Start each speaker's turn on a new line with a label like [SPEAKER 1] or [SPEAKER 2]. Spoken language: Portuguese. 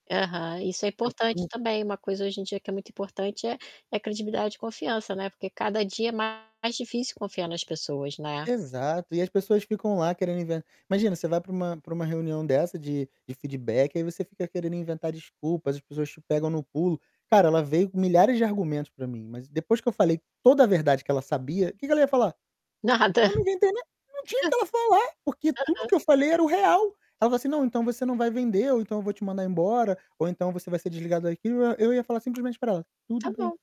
[SPEAKER 1] Aham, isso é
[SPEAKER 2] Eu
[SPEAKER 1] importante,
[SPEAKER 2] costumo.
[SPEAKER 1] também, uma coisa hoje em dia que é muito importante é é credibilidade e confiança, né. Porque cada dia é mais difícil confiar nas pessoas, né?
[SPEAKER 2] Exato, e as pessoas ficam lá querendo inven imagina, você vai pra uma pra uma reunião dessa de de feedback, aí você fica querendo inventar desculpas, as pessoas te pegam no pulo. Cara, ela veio com milhares de argumentos pra mim, mas depois que eu falei toda a verdade que ela sabia, que que ela ia falar?
[SPEAKER 1] Nada, hã.
[SPEAKER 2] Eu não inventei nada, não tinha o que ela falar, porque tudo
[SPEAKER 1] Aham.
[SPEAKER 2] que eu falei era o real. Ela falou assim: "Não, então você não vai vender ou então eu vou te mandar embora, ou então, você vai ser desligado daqui", eu ia falar simplesmente para ela: "Tudo
[SPEAKER 1] Tá
[SPEAKER 2] bem".
[SPEAKER 1] bom.